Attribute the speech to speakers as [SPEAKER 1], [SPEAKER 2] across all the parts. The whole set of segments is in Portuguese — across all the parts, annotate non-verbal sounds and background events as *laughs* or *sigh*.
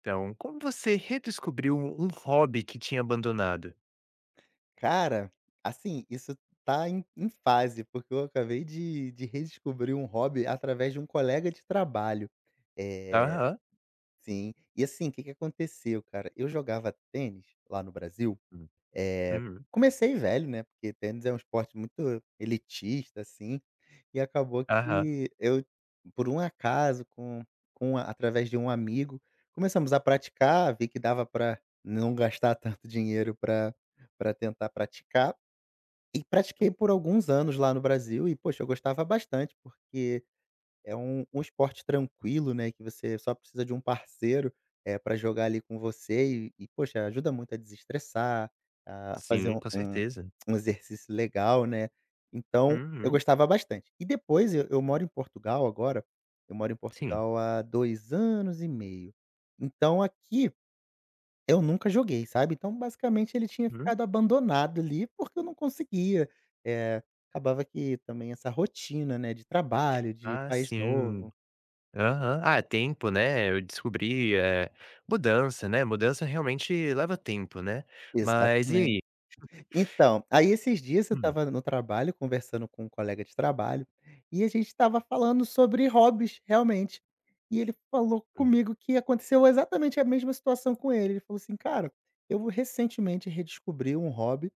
[SPEAKER 1] Então, como você redescobriu um hobby que tinha abandonado?
[SPEAKER 2] Cara, assim, isso está em em fase, porque eu acabei de de redescobrir um hobby através de um colega de trabalho. Eh
[SPEAKER 1] Aham.
[SPEAKER 2] Sim. E, assim, que que aconteceu, cara, eu jogava tênis lá no Brasil.
[SPEAKER 1] Hum,
[SPEAKER 2] Eh,
[SPEAKER 1] uhum.
[SPEAKER 2] comecei velho, né, porque tênis é um esporte muito elitista, assim e acabou
[SPEAKER 1] Aham.
[SPEAKER 2] que eu, por um acaso, com com a através de um amigo, começamos a praticar, vi que dava pra não gastar tanto dinheiro pra pra tentar praticar e pratiquei
[SPEAKER 1] Hum.
[SPEAKER 2] por alguns anos lá no Brasil. E, poxa, eu gostava bastante porque é um um esporte tranquilo, né, que você só precisa de um parceiro, eh, pra jogar ali com você e e, poxa, ajuda muito a desestressar, a fazer
[SPEAKER 1] Sim,
[SPEAKER 2] um
[SPEAKER 1] com
[SPEAKER 2] um
[SPEAKER 1] certeza.
[SPEAKER 2] um exercício legal, né. Então eu
[SPEAKER 1] Uhum.
[SPEAKER 2] gostava bastante. E, depois eu eu moro em Portugal agora. Eu moro em
[SPEAKER 1] Sim.
[SPEAKER 2] Portugal há 2 anos e meio. Então, aqui, eu nunca joguei, sabe. Então, basicamente, ele tinha
[SPEAKER 1] Hum.
[SPEAKER 2] ficado abandonado ali, porque eu não conseguia. Eh, acabava que também essa rotina, né, de trabalho, de
[SPEAKER 1] Ah
[SPEAKER 2] país
[SPEAKER 1] sim.
[SPEAKER 2] novo
[SPEAKER 1] Aham. Ah, tempo né. Eu descobri, eh mudança, né, mudança realmente leva tempo, né. Mas e
[SPEAKER 2] Exatamente.
[SPEAKER 1] ai? *chuckles*
[SPEAKER 2] Então, aí esses dias, eu
[SPEAKER 1] Hum.
[SPEAKER 2] estava no trabalho conversando com um colega de trabalho, e a gente estava falando sobre hobbies realmente, e ele falou
[SPEAKER 1] Hum.
[SPEAKER 2] comigo que aconteceu exatamente a mesma situação com ele. Ele falou assim: "Cara, eu recentemente redescobri um hobby"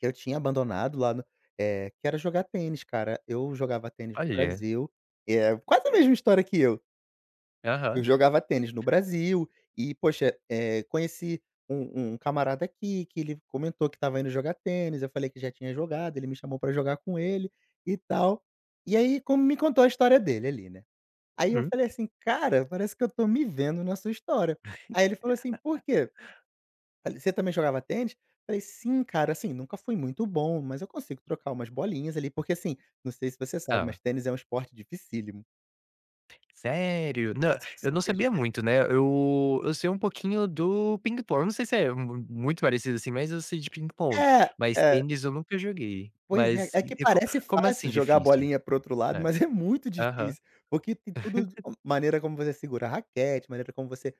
[SPEAKER 2] "que eu tinha abandonado lá no eh, que era jogar tênis, cara. Eu jogava tênis no
[SPEAKER 1] Olha.
[SPEAKER 2] Brasil", e é quase a mesma história que eu.
[SPEAKER 1] Aham.
[SPEAKER 2] Eu jogava tênis no
[SPEAKER 1] *chuckles*
[SPEAKER 2] Brasil e, poxa, eh, conheci um um camarada aqui que ele comentou que estava indo jogar tênis, eu falei que já tinha jogado. Ele me chamou pra jogar com ele e tal. E aí, como me contou a história dele ali, né. Aí eu
[SPEAKER 1] Hum.
[SPEAKER 2] falei assim: "Cara, parece que eu tô me vendo na sua história". Aí ele falou assim: "Por
[SPEAKER 1] *laughs*
[SPEAKER 2] quê?" Falei: "Você também jogava tênis?" Eu falei: "Sim, cara. Assim, nunca fui muito bom, mas eu consigo trocar umas bolinhas ali". Porque, assim, não sei se você sabe, mas
[SPEAKER 1] Ela.
[SPEAKER 2] tênis é um esporte dificílimo.
[SPEAKER 1] Sério? Não, eu não sabia
[SPEAKER 2] Superdifícil.
[SPEAKER 1] muito, né. Eu eu sei um pouquinho do ping-pong, não sei se é mu muito parecido, assim, mas eu sei de ping-pong,
[SPEAKER 2] É,
[SPEAKER 1] mas
[SPEAKER 2] é.
[SPEAKER 1] tênis eu nunca joguei,
[SPEAKER 2] Pois é.
[SPEAKER 1] mas
[SPEAKER 2] É
[SPEAKER 1] e
[SPEAKER 2] que
[SPEAKER 1] e co
[SPEAKER 2] parece
[SPEAKER 1] como
[SPEAKER 2] fácil
[SPEAKER 1] assim
[SPEAKER 2] jogar a
[SPEAKER 1] difícil?
[SPEAKER 2] bolinha para o outro lado,
[SPEAKER 1] Hã,
[SPEAKER 2] mas é muito
[SPEAKER 1] aham.
[SPEAKER 2] difícil. Porque tem tudo
[SPEAKER 1] *chuckles*
[SPEAKER 2] maneira como você segura a raquete, maneira como você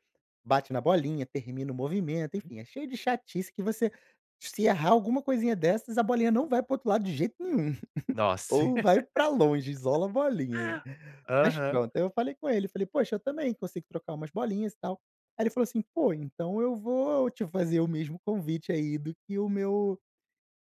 [SPEAKER 2] bate na bolinha, termina o movimento.
[SPEAKER 1] Uhum.
[SPEAKER 2] Enfim, é cheio de chatice que você, se errar alguma coisinha dessas, a bolinha não vai para o outro lado de jeito nenhum. *chuckles*
[SPEAKER 1] Nossa! *laughs*
[SPEAKER 2] Ou vai pra longe, isola a bolinha. Mas
[SPEAKER 1] Aham.
[SPEAKER 2] pronto. Aí eu falei com ele, eu falei: "Poxa, eu também consigo trocar umas bolinhas e tal". Aí ele falou assim: "Pô, então eu vou te fazer o mesmo convite aí do que o meu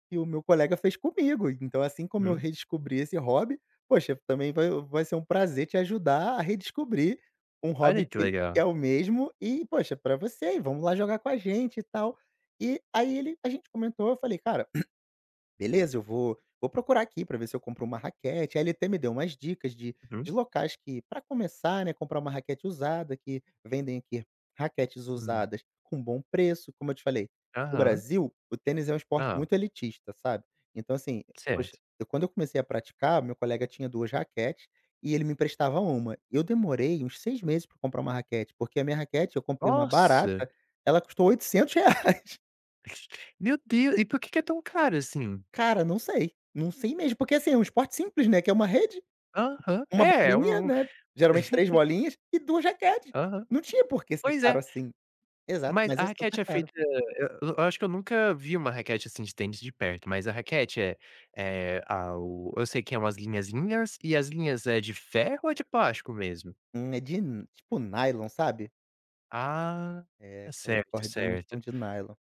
[SPEAKER 2] que o meu colega fez comigo. Então, assim como eu
[SPEAKER 1] Hum.
[SPEAKER 2] redescobri esse hobby, poxa, também vai vai ser um prazer te ajudar a redescobrir um
[SPEAKER 1] Olha,
[SPEAKER 2] hobby
[SPEAKER 1] que
[SPEAKER 2] que que
[SPEAKER 1] legal.
[SPEAKER 2] é o mesmo. E, poxa, é pra você, e vamos lá jogar com a gente e tal". E aí ele a gente comentou. Eu falei: "Cara, *clears throat* beleza. Eu vou vou procurar aqui pra ver se eu compro uma raquete". Aí ele até me deu umas dicas de
[SPEAKER 1] Uhum.
[SPEAKER 2] de locais que, pra começar, né, comprar uma raquete usada, que vendem aqui raquetes
[SPEAKER 1] Hum.
[SPEAKER 2] usadas com bom preço. Como eu te falei, no
[SPEAKER 1] Aham.
[SPEAKER 2] Brasil o tênis é um esporte
[SPEAKER 1] Hã.
[SPEAKER 2] muito elitista, sabe, então, assim, poxa,
[SPEAKER 1] Certo.
[SPEAKER 2] eu quando eu comecei a praticar, o meu colega tinha 2 raquetes e ele me emprestava uma. Eu demorei uns 6 meses pra comprar uma raquete, porque a minha raquete eu comprei uma
[SPEAKER 1] Nossa!
[SPEAKER 2] barata. Ela custou R$800.
[SPEAKER 1] Meu Deu E por que que é tão caro assim?
[SPEAKER 2] Cara, não sei, não sei mesmo, porque, assim, é um esporte simples né, que é uma rede,
[SPEAKER 1] Aham,
[SPEAKER 2] uma
[SPEAKER 1] é,
[SPEAKER 2] bolinha
[SPEAKER 1] hum,
[SPEAKER 2] né, geralmente três
[SPEAKER 1] *chuckles*
[SPEAKER 2] bolinhas e duas raquetes.
[SPEAKER 1] Aham.
[SPEAKER 2] Não tinha porque ser
[SPEAKER 1] Pois
[SPEAKER 2] caro
[SPEAKER 1] é.
[SPEAKER 2] assim. Exato,
[SPEAKER 1] Mas
[SPEAKER 2] mas
[SPEAKER 1] a
[SPEAKER 2] é super
[SPEAKER 1] raquete é
[SPEAKER 2] caro.
[SPEAKER 1] feita hã, eu eu acho que eu nunca vi uma raquete assim de tênis de perto, mas a raquete é é ao eu sei que é umas linhazinhas e as linhas é de ferro ou é de plástico mesmo?
[SPEAKER 2] Hum, é de tipo nylon, sabe?
[SPEAKER 1] Ah!
[SPEAKER 2] É, aquelas
[SPEAKER 1] Certo,
[SPEAKER 2] cordinhas são
[SPEAKER 1] certo.
[SPEAKER 2] de nylon.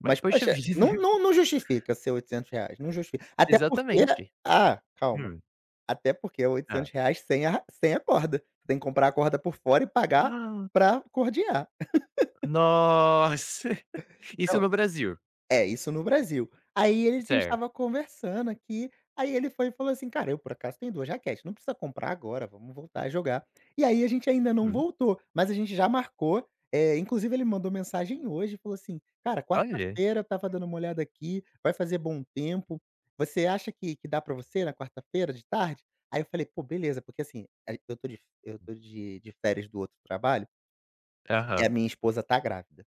[SPEAKER 1] Ma
[SPEAKER 2] Mas,
[SPEAKER 1] poxa
[SPEAKER 2] poxa, não
[SPEAKER 1] vida.
[SPEAKER 2] não não justifica ser R$800, não justifica. Até porque
[SPEAKER 1] Exatamente,
[SPEAKER 2] ah, calma,
[SPEAKER 1] hum.
[SPEAKER 2] até porque é oitocentos
[SPEAKER 1] Tá.
[SPEAKER 2] reais sem a ra sem a corda, tem que comprar a corda por fora e pagar
[SPEAKER 1] Ah!
[SPEAKER 2] pra cordear. *laughs*
[SPEAKER 1] Nossa! *chuckles* Isso
[SPEAKER 2] Então,
[SPEAKER 1] no Brasil?
[SPEAKER 2] é isso no Brasil. Aí a gente
[SPEAKER 1] Certo.
[SPEAKER 2] estava conversando aqui, aí ele foi e falou assim: "Cara, eu por acaso tenho duas raquetes, não precisa comprar agora, vamos voltar a jogar". E aí a gente ainda não
[SPEAKER 1] Hum.
[SPEAKER 2] voltou, mas a gente já marcou, eh, inclusive, ele mandou mensagem hoje e falou assim: "Cara,
[SPEAKER 1] Olha.
[SPEAKER 2] quarta-feira estava dando uma olhada aqui, vai fazer bom tempo, você acha que que dá pra você na quarta-feira de tarde?" Aí eu falei: "Pô beleza". Porque, assim, a eu tô de f eu tô de de férias do outro trabalho e a
[SPEAKER 1] Aham.
[SPEAKER 2] minha esposa tá grávida,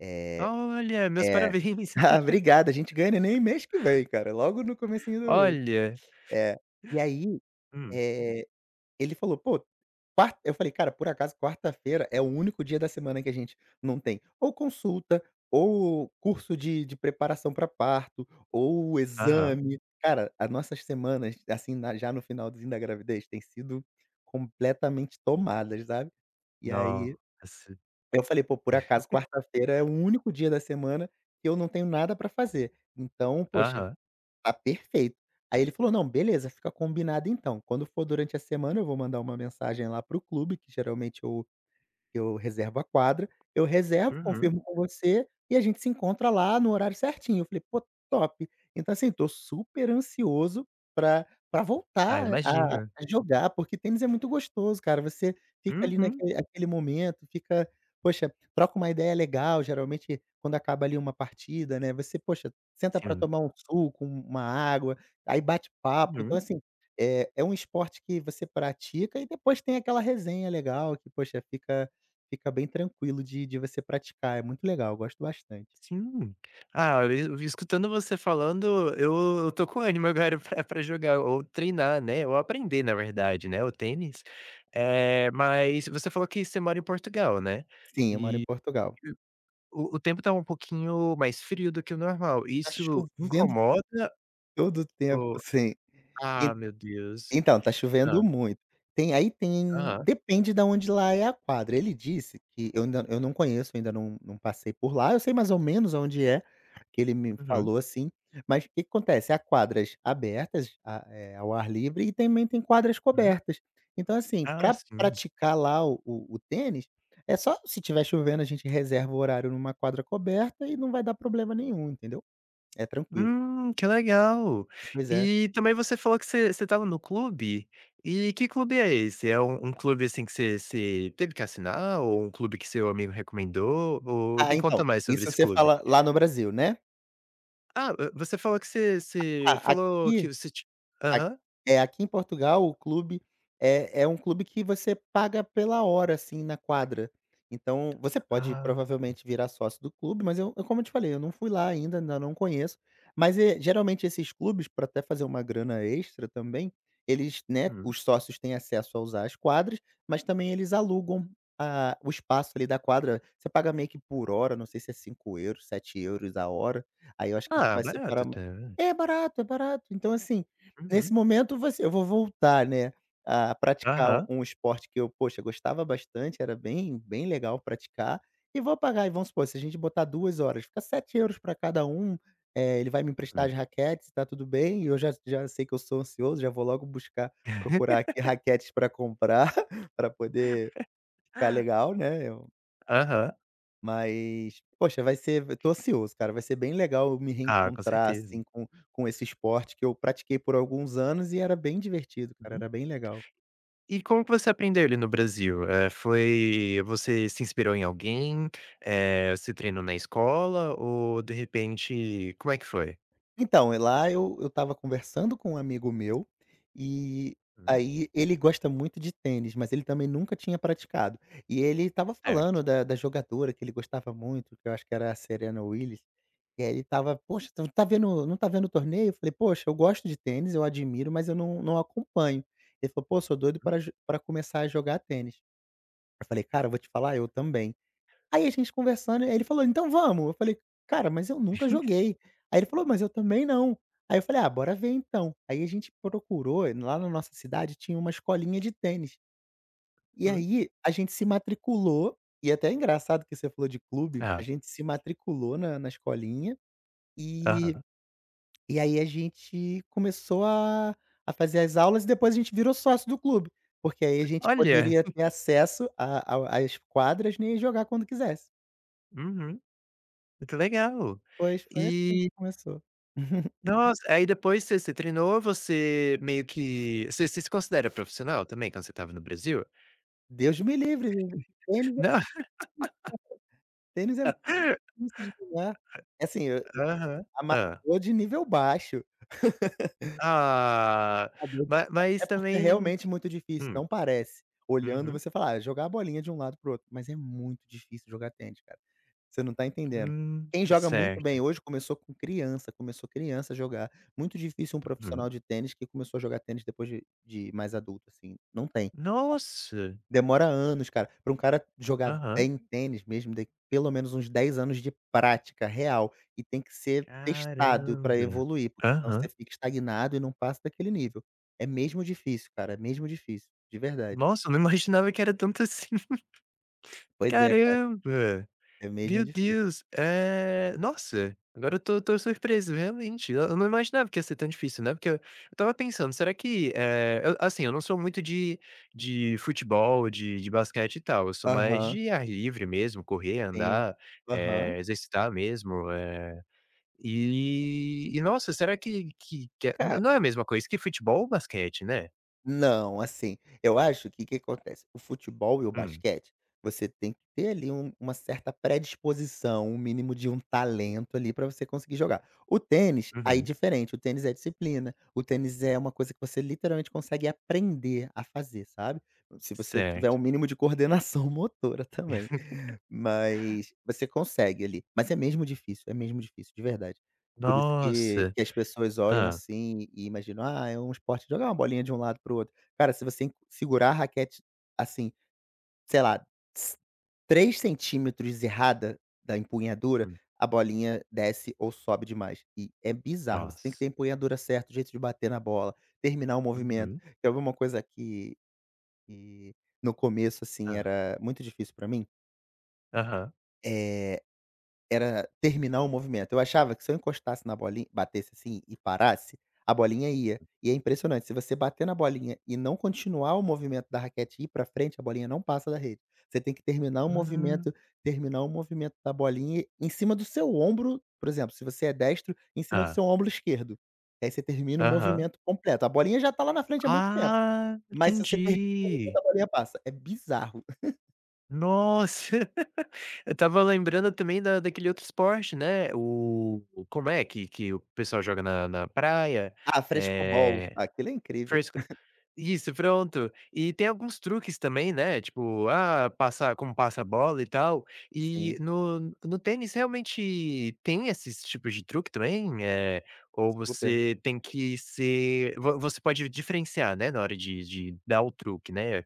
[SPEAKER 2] eh
[SPEAKER 1] Olha! Meus
[SPEAKER 2] é.
[SPEAKER 1] parabéns.
[SPEAKER 2] Ah obrigada! A gente ganha neném
[SPEAKER 1] *laughs*
[SPEAKER 2] mês que vem cara, logo no comecinho do mês,
[SPEAKER 1] Olha.
[SPEAKER 2] é. E aí,
[SPEAKER 1] Hum.
[SPEAKER 2] eh, ele falou: "Pô, quar" Eu falei: "Cara por acaso quarta-feira é o único dia da semana que a gente não tem, ou consulta, ou curso de de preparação pra parto, ou
[SPEAKER 1] Aham.
[SPEAKER 2] exame". Cara, a nossas semanas assim na já no finalzinho da gravidez, tem sido completamente tomadas, sabe. E aí,
[SPEAKER 1] Nossa!
[SPEAKER 2] eu falei: "Pô, por acaso,
[SPEAKER 1] *giggles*
[SPEAKER 2] quarta-feira é o único dia da semana que eu não tenho nada pra fazer. Então poxa,
[SPEAKER 1] Aham.
[SPEAKER 2] tá perfeito" Aí ele falou: "Não beleza, fica combinado então, quando for durante a semana eu vou mandar uma mensagem lá para o clube que geralmente eu que eu reservo a quadra, eu reservo,
[SPEAKER 1] Uhum.
[SPEAKER 2] confirmo com você, e a gente se encontra lá no horário certinho". Eu falei: "Pô, top". Então, assim, eu tô super ansioso pra pra
[SPEAKER 1] Ah,
[SPEAKER 2] voltar a
[SPEAKER 1] imagina.
[SPEAKER 2] a jogar, porque tênis é muito gostoso cara, você fica ali
[SPEAKER 1] Uhum.
[SPEAKER 2] naquele aquele momento, fica poxa, troca uma ideia legal, geralmente, quando acaba ali uma partida, né, você, poxa, senta pra
[SPEAKER 1] Sim.
[SPEAKER 2] tomar um suco, uma água, aí bate papo. Então,
[SPEAKER 1] Uhum.
[SPEAKER 2] assim, é é um esporte que você pratica e depois tem aquela resenha legal que, poxa, fica fica bem tranquilo de de você praticar, é muito legal, eu gosto bastante.
[SPEAKER 1] Sim! Ah, eu eu vim escutando você falando, eu eu tô com ânimo agora pra pra jogar ou treinar né, ou aprender na verdade, né, o tênis, eh, mas você falou que você mora em Portugal, né?
[SPEAKER 2] Sim, eu moro em
[SPEAKER 1] E
[SPEAKER 2] Portugal.
[SPEAKER 1] o o o tempo tá um pouquinho mais frio do que o normal,
[SPEAKER 2] Tá
[SPEAKER 1] isso
[SPEAKER 2] chovendo
[SPEAKER 1] incomoda
[SPEAKER 2] todo o tempo
[SPEAKER 1] ou
[SPEAKER 2] sem Em
[SPEAKER 1] Ah meu Deus,
[SPEAKER 2] então tá chovendo
[SPEAKER 1] hã.
[SPEAKER 2] muito. Tem, aí tem
[SPEAKER 1] Aham.
[SPEAKER 2] depende da onde lá é a quadra, ele disse que eu ainda eu não conheço, ainda não não passei por lá, eu sei mais ou menos aonde é, que ele me
[SPEAKER 1] Uhum.
[SPEAKER 2] falou assim, mas o que que acontece? Há quadras abertas, a eh, ao ar livre e também tem quadras
[SPEAKER 1] Hum.
[SPEAKER 2] cobertas, então, assim,
[SPEAKER 1] Ah,
[SPEAKER 2] pra
[SPEAKER 1] sim.
[SPEAKER 2] praticar lá o o tênis é só, se estiver chovendo a gente reserva o horário numa quadra coberta e não vai dar problema nenhum, entendeu? É tranquilo.
[SPEAKER 1] Hum, que legal!
[SPEAKER 2] Pois é.
[SPEAKER 1] E também você falou que você você estava no clube, e que clube é esse? É um um clube, assim, que você você teve que assinar ou um clube que seu amigo recomendou? Ou
[SPEAKER 2] Ah,
[SPEAKER 1] me conta
[SPEAKER 2] então,
[SPEAKER 1] mais sobre
[SPEAKER 2] isso
[SPEAKER 1] esse
[SPEAKER 2] você
[SPEAKER 1] clube.
[SPEAKER 2] fala lá no Brasil, né?
[SPEAKER 1] Ah, hã, você falou que você você
[SPEAKER 2] Ah,
[SPEAKER 1] falou que
[SPEAKER 2] aqui
[SPEAKER 1] você ti
[SPEAKER 2] a
[SPEAKER 1] aham.
[SPEAKER 2] é, aqui em Portugal o clube é é um clube que você paga pela hora, assim, na quadra. Então você pode,
[SPEAKER 1] Ah.
[SPEAKER 2] provavelmente, virar sócio do clube, mas eu eu como eu te falei, eu não fui lá ainda, ainda não conheço, mas, eh, geralmente esses clubes, pra até fazer uma grana extra também, eles, né,
[SPEAKER 1] Hum.
[SPEAKER 2] os sócios têm acesso a usar as quadras, mas também eles alugam a o espaço ali da quadra. Você paga meio que por hora, não sei se é €5, €7 a hora, aí eu acho que a gente
[SPEAKER 1] Ah,
[SPEAKER 2] vai separar
[SPEAKER 1] barato,
[SPEAKER 2] ma
[SPEAKER 1] até, né.
[SPEAKER 2] é barato, é barato. Então assim, nesse
[SPEAKER 1] Uhum.
[SPEAKER 2] momento, você eu vou voltar, né, a praticar u
[SPEAKER 1] Aham.
[SPEAKER 2] um esporte que eu, poxa, gostava bastante, era bem bem legal praticar e vou pagar aí vamos supor, se a gente botar 2 horas, fica €7 pra cada um, eh, ele vai me emprestar
[SPEAKER 1] Hum.
[SPEAKER 2] as raquetes e tá tudo bem, e eu já já sei que eu sou ansioso, já vou logo buscar procurar aqui
[SPEAKER 1] *laughs*
[SPEAKER 2] raquetes pra comprar, *chuckles* pra poder
[SPEAKER 1] *chuckles*
[SPEAKER 2] ficar legal, né, eu
[SPEAKER 1] Aham.
[SPEAKER 2] Mas, poxa, vai ser v tô ansioso, cara, vai ser bem legal eu me
[SPEAKER 1] Ah, com
[SPEAKER 2] reencontrar,
[SPEAKER 1] certeza.
[SPEAKER 2] assim, com com esse esporte que eu pratiquei por alguns anos e era bem divertido, cara,
[SPEAKER 1] Uhum.
[SPEAKER 2] era bem legal.
[SPEAKER 1] E como que você aprendeu ele no Brasil? Eh, foi você se inspirou em alguém? Eh, você treinou na escola ou, de repente como é que foi?
[SPEAKER 2] Então, e lá eu eu estava conversando com um amigo meu, e
[SPEAKER 1] Hum.
[SPEAKER 2] aí ele gosta muito de tênis, mas ele também nunca tinha praticado, e ele estava falando
[SPEAKER 1] Certo.
[SPEAKER 2] da da jogadora que ele gostava muito, que eu acho que era a Serena Willys, eh, ele estava: "Poxa, então, tá vendo não tá vendo o torneio?", eu falei: "Poxa, eu gosto de tênis, eu admiro, mas eu não não acompanho". Ele falou: "Pô, sou doido pra j pra começar a jogar tênis". Eu falei: "Cara, eu vou te falar, eu também". Aí a gente conversando, aí ele falou: "Então vamos", eu falei: "Cara, mas eu nunca
[SPEAKER 1] *chuckles*
[SPEAKER 2] joguei", aí ele falou: "Mas eu também não", aí eu falei: "Ah, bora ver então". Aí a gente procurou, lá na nossa cidade tinha uma escolinha de tênis. E
[SPEAKER 1] Hum.
[SPEAKER 2] aí a gente se matriculou, e até engraçado que você falou de clube, a
[SPEAKER 1] É.
[SPEAKER 2] gente se matriculou na na escolinha e
[SPEAKER 1] Aham.
[SPEAKER 2] e aí a gente começou a a fazer as aulas e depois a gente virou sócio do clube, porque aí a gente
[SPEAKER 1] Olha.
[SPEAKER 2] poderia ter
[SPEAKER 1] *chuckles*
[SPEAKER 2] acesso a ao às quadras, né, e ir jogar quando quisesse.
[SPEAKER 1] Uhum. Muito legal.
[SPEAKER 2] Pois, foi assim que
[SPEAKER 1] E
[SPEAKER 2] começou. *chuckles*
[SPEAKER 1] Nossa, aí depois você você treinou, você meio que você se se considera profissional também, quando você estava no Brasil?
[SPEAKER 2] Deus me livre, o tênis é
[SPEAKER 1] Não. *laughs*
[SPEAKER 2] tênis é
[SPEAKER 1] *chuckles*
[SPEAKER 2] dificl de jogar. Assim, eu eu
[SPEAKER 1] Aham, hã.
[SPEAKER 2] amargo de nível baixo. *laughs*
[SPEAKER 1] Ah, ma
[SPEAKER 2] *unintelligible* É
[SPEAKER 1] mas
[SPEAKER 2] porque é
[SPEAKER 1] também
[SPEAKER 2] realmente muito difícil,
[SPEAKER 1] hum.
[SPEAKER 2] não parece. Olhando,
[SPEAKER 1] Uhum.
[SPEAKER 2] você fala: "Ah, jogar bolinha de um lado para o outro", mas é muito difícil jogar tênis, cara, você não está entendendo.
[SPEAKER 1] Hum,
[SPEAKER 2] Quem joga muito
[SPEAKER 1] certo.
[SPEAKER 2] bem hoje começou com criança, começou criança jogar. Muito difícil um
[SPEAKER 1] Hum.
[SPEAKER 2] profissional de tênis que começou a jogar tênis depois de de mais adulto, assim, não tem.
[SPEAKER 1] Nossa!
[SPEAKER 2] Demora anos, cara, para um cara jogar
[SPEAKER 1] Aham.
[SPEAKER 2] bem tênis mesmo d pelo menos uns 10 anos de prática real e tem que ser testado para
[SPEAKER 1] Caramba,
[SPEAKER 2] evoluir, porque se não
[SPEAKER 1] aham.
[SPEAKER 2] você fica estagnado e não passa daquele nível. É mesmo difícil, cara, é mesmo difícil, de verdade.
[SPEAKER 1] Nossa, *chuckles* não imaginava que era tanto assim. *laughs*
[SPEAKER 2] Pois é, cara.
[SPEAKER 1] Caramba.
[SPEAKER 2] É mesmo
[SPEAKER 1] Deu
[SPEAKER 2] difícil.
[SPEAKER 1] Deus. Eh, nossa, agora eu estou estou surpreso, realmente, e eu não imaginava que ia ser tão difícil, né, porque eu eu estava pensando: "Será que, eh, eu" assim, eu não sou muito de de futebol, de de basquete e tal, eu sou mais
[SPEAKER 2] Aham.
[SPEAKER 1] de ar livre mesmo, correr,
[SPEAKER 2] Sim,
[SPEAKER 1] andar,
[SPEAKER 2] aham.
[SPEAKER 1] eh, exercitar mesmo, eh, e e nossa, será que que que é
[SPEAKER 2] Ca
[SPEAKER 1] nã não é a mesma coisa que futebol ou basquete, né?
[SPEAKER 2] Não. Assim, eu acho, que que acontece, o futebol e o
[SPEAKER 1] Hum.
[SPEAKER 2] basquete, você tem que ter ali um uma certa predisposição, um mínimo de um talento ali pra você conseguir jogar. O tênis, aí, é
[SPEAKER 1] Uhum.
[SPEAKER 2] diferente. O tênis é disciplina. O tênis é uma coisa que você literalmente consegue aprender a fazer, sabe. Se você tiver
[SPEAKER 1] Certo.
[SPEAKER 2] o mínimo de coordenação motora também,
[SPEAKER 1] *laughs*
[SPEAKER 2] mas você consegue ali. Mas é mesmo difícil. É mesmo difícil, de verdade. Por isso que
[SPEAKER 1] Nossa.
[SPEAKER 2] que as pessoas olham
[SPEAKER 1] Hã.
[SPEAKER 2] assim e imaginam: "Ah, é um esporte jogar uma bolinha de um lado para o outro". Cara, se você segurar a raquete, assim, sei lá s 3cm errada da empunhadura,
[SPEAKER 1] Hum.
[SPEAKER 2] a bolinha desce ou sobe demais, e é bizarro. Você tem que
[SPEAKER 1] Nossa.
[SPEAKER 2] ter empunhadura certo, o jeito de bater na bola, terminar o movimento.
[SPEAKER 1] Uhum.
[SPEAKER 2] Quer ver uma coisa que que no começo, assim,
[SPEAKER 1] Hã.
[SPEAKER 2] era muito difícil para mim?
[SPEAKER 1] Aham.
[SPEAKER 2] Eh, era terminar o movimento. Eu achava que se eu encostasse na bolin batesse, assim, e parasse, a bolinha ia. E é impressionante, se você bater na bolinha e não continuar o movimento da raquete e ir para frente, a bolinha não passa da rede. Você tem que terminar o
[SPEAKER 1] Hum.
[SPEAKER 2] movimento, terminar o movimento da bolinha em cima do seu ombro. Por exemplo, se você é destro, em cima do
[SPEAKER 1] Hã.
[SPEAKER 2] seu ombro esquerdo que aí você termina o
[SPEAKER 1] Aham.
[SPEAKER 2] movimento completo. A bolinha já está lá na frente há muito tempo.
[SPEAKER 1] Ah,
[SPEAKER 2] Mas se você termina
[SPEAKER 1] entendi.
[SPEAKER 2] *unintelligible* a bolinha passa, é bizarro. *chuckles*
[SPEAKER 1] Nossa, *giggles* eu estava lembrando também da daquele outro esporte, né, oh, como é que que o pessoal joga na na praia?
[SPEAKER 2] Ah, Frescobol,
[SPEAKER 1] Eh,
[SPEAKER 2] aquelo é incrível.
[SPEAKER 1] foi isso fresc
[SPEAKER 2] *chuckles*
[SPEAKER 1] isso, pronto. E tem alguns truques também, né, tipo, ah, passar como passa a bola e tal. Eh,
[SPEAKER 2] Sim.
[SPEAKER 1] no no tênis realmente tem esses tipos de truque também? Eh, ou
[SPEAKER 2] Super.
[SPEAKER 1] você tem que ser, vo você pode diferenciar, né, na hora de de dar o truque, né,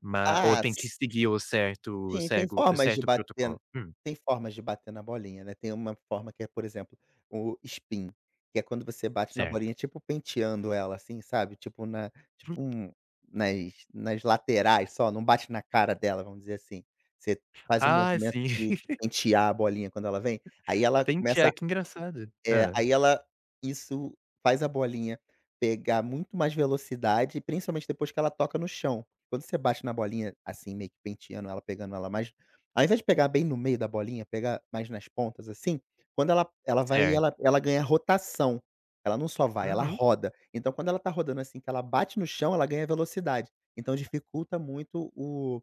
[SPEAKER 1] ma ou
[SPEAKER 2] Ah,
[SPEAKER 1] tem que
[SPEAKER 2] s
[SPEAKER 1] seguir o certo
[SPEAKER 2] Sim, tem
[SPEAKER 1] cego o
[SPEAKER 2] formas de
[SPEAKER 1] certo
[SPEAKER 2] bater
[SPEAKER 1] protocolo? Hum.
[SPEAKER 2] tem formas de bater na bolinha, né. Tem uma forma que é, por exemplo, o spin, que é quando você bate na
[SPEAKER 1] Certo.
[SPEAKER 2] bolinha ,tipo penteando ela assim, sabe. Tipo na tipo
[SPEAKER 1] *unintelligible*
[SPEAKER 2] um nas nas laterais só, não bate na cara dela, vamos dizer assim. Você faz um
[SPEAKER 1] Ah,
[SPEAKER 2] movimento
[SPEAKER 1] sim.
[SPEAKER 2] de de
[SPEAKER 1] *giggles*
[SPEAKER 2] pentear a bolinha quando ela vem, aí ela começa,
[SPEAKER 1] Pentear, engraçado,
[SPEAKER 2] é,
[SPEAKER 1] hã.
[SPEAKER 2] aí ela, isso, faz a bolinha pegar muito mais velocidade, principalmente depois que ela toca no chão. Quando você bate na bolinha, assim, meio que penteando ela, pegando ela mais ao invés de pegar bem no meio da bolinha, pegar mais nas pontas, assim, quando ela ela vai
[SPEAKER 1] Certo.
[SPEAKER 2] ela ela ganha rotação, ela não só vai, ela
[SPEAKER 1] Uhum.
[SPEAKER 2] roda. Então quando ela tá rodando, assim, que ela bate no chão, ela ganha velocidade. Então dificulta muito, oh,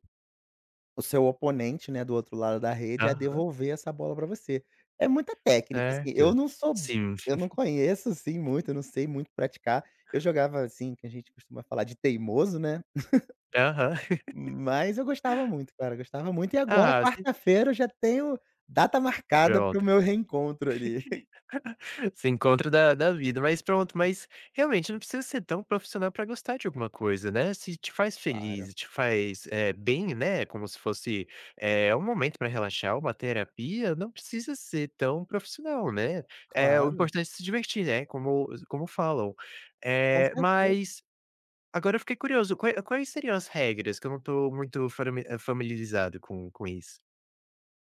[SPEAKER 2] o seu oponente, né, do outro lado da rede, a
[SPEAKER 1] Aham.
[SPEAKER 2] devolver essa bola pra você. É muita técnica assim. Eu
[SPEAKER 1] Certo,
[SPEAKER 2] não sou
[SPEAKER 1] sim.
[SPEAKER 2] eu não
[SPEAKER 1] *giggles*
[SPEAKER 2] conheço assim muito, eu não sei muito praticar, eu jogava assim, que a gente costuma falar de teimoso, né.
[SPEAKER 1] Aham.
[SPEAKER 2] *giggles*
[SPEAKER 1] *laughs*
[SPEAKER 2] Mas eu gostava muito, cara, gostava muito e agora
[SPEAKER 1] Ah, sim.
[SPEAKER 2] quarta-feira, eu já tenho data
[SPEAKER 1] *unintelligible*
[SPEAKER 2] marcada para o meu reencontro ali. *chuckles*
[SPEAKER 1] *laughs* Seu encontro da da vida, mas pronto, mas, realmente, não precisa ser tão profissional, pra gostar de alguma coisa, né. Se te faz
[SPEAKER 2] Claro.
[SPEAKER 1] feliz e te faz, eh, bem, né. Como se fosse, eh, um momento pra relaxar, uma terapia. Não precisa ser tão profissional, né. Eh, o
[SPEAKER 2] Claro.
[SPEAKER 1] importante é se divertir, né. Como como falam,
[SPEAKER 2] Com
[SPEAKER 1] eh,
[SPEAKER 2] certeza.
[SPEAKER 1] mas, agora eu fiquei curioso, qual é quais seriam as regras que eu não estou muito fami familiarizado com com isso?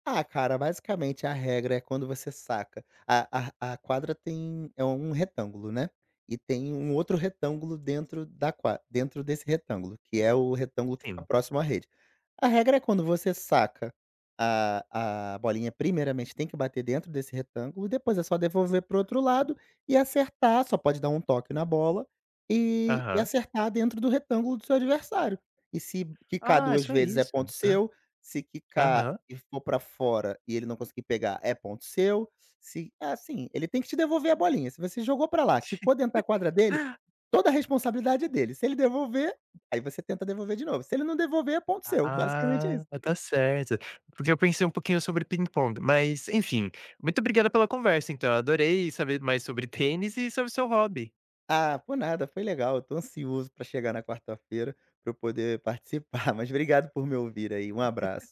[SPEAKER 2] Ah, cara, basicamente a regra é, quando você saca, a a a quadra tem, é um retângulo, né. E tem um outro retângulo dentro da qua dentro desse retângulo, que é o retângulo que fica
[SPEAKER 1] Sim.
[SPEAKER 2] próximo à rede. A regra é quando você saca a a bolinha primeiramente tem que bater dentro desse retângulo, e depois é só devolver para o outro lado e acertar, só pode dar um toque na bola, e e
[SPEAKER 1] Aham.
[SPEAKER 2] acertar dentro do retângulo do seu adversário. E se quicar
[SPEAKER 1] Ah, é
[SPEAKER 2] 2
[SPEAKER 1] só
[SPEAKER 2] vezes é
[SPEAKER 1] isso,
[SPEAKER 2] ponto
[SPEAKER 1] hã.
[SPEAKER 2] seu, se quicar
[SPEAKER 1] Aham.
[SPEAKER 2] e for pra fora, e ele não conseguir pegar é ponto seu, se é assim, ele tem que te devolver a bolinha. Se você jogou pra lá, quicou dentro da quadra dele,
[SPEAKER 1] *laughs*
[SPEAKER 2] toda a responsabilidade é dele. Se ele devolver, aí você tenta devolver de novo. Se ele não devolver, é ponto seu, basicamente é
[SPEAKER 1] Ah,
[SPEAKER 2] isso.
[SPEAKER 1] tá certo. Porque eu pensei um pouquinho sobre, ping-pong, mas, enfim, muito obrigada pela conversa então, adorei saber mais sobre tênis e sobre seu hobby.
[SPEAKER 2] Ah, por nada, foi legal, eu tô ansioso pra chegar na quarta-feira, pra eu poder participar. Mas obrigado por me ouvir aí, um
[SPEAKER 1] *laughs*
[SPEAKER 2] abraço.